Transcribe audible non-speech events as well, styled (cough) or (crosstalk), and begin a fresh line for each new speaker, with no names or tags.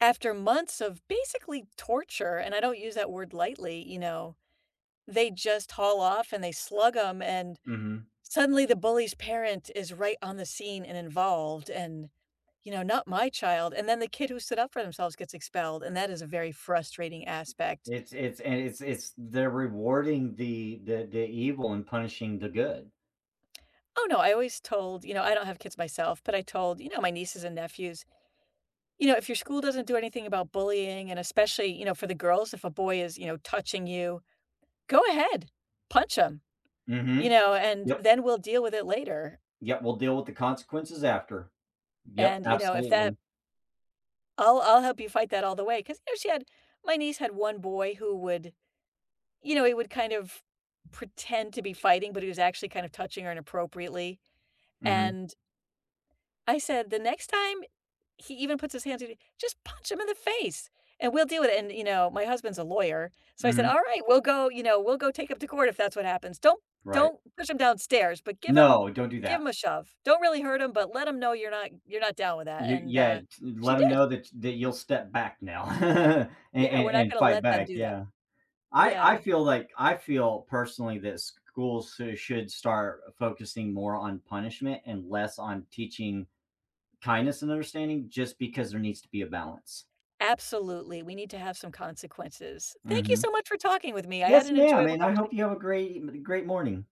After months of basically torture, and I don't use that word lightly, you know, they just haul off and they slug 'em, and
Mhm.
suddenly the bully's parent is right on the scene and involved, and, you know, not my child, and then the kid who stood up for themselves gets expelled, and that is a very frustrating aspect.
It's it's and it's it's they're rewarding the the the evil and punishing the good.
Oh no, I always told you know, I don't have kids myself, but I told, you know, my nieces and nephews, you know, if your school doesn't do anything about bullying, and especially, you know, for the girls, if a boy is, you know, touching you, go ahead, punch him, you
Mhm.
know, and
Yup.
then we'll deal with it later.
Yeah, we'll deal with the consequences after. Yup,
And, you know, if
absolutely.
that I'll I'll help you fight that all the way, 'cause, you know, she had my niece had 1 boy who would, you know, he would kind of pretend to be fighting, but he was actually kind of touching her inappropriately,
Mhm.
and I said, "The next time he even puts his hands on you, just punch him in the face, and we'll deal with it," and, you know, my husband's a lawyer, so I said,
Mhm.
"Alright, we'll go you know, we'll go take him to court, if that's what happens. Don't
Right.
don't push him downstairs but give him
No, don't do
give
that.
him a shove. Don't really hurt him, but let him know you're not you're not down with that,"
You
and,
yeah,
uh, she
let them
did.
know that that you'll step back now (chuckles) and
Yeah,
and
we're not
and
gonna
fight
let them
back,
do that.
yeah. I I
Yeah.
feel, like I feel, personally, that schools sou should start focusing more on punishment and less on teaching kindness and understanding just because there needs to be a balance.
Absolutely, we need to have some consequences. Thank you
Mhm.
so much for talking with me. I
Yes,
had an
ma'am,
enjoyable
and I
conversation.
hope you have a great e great morning.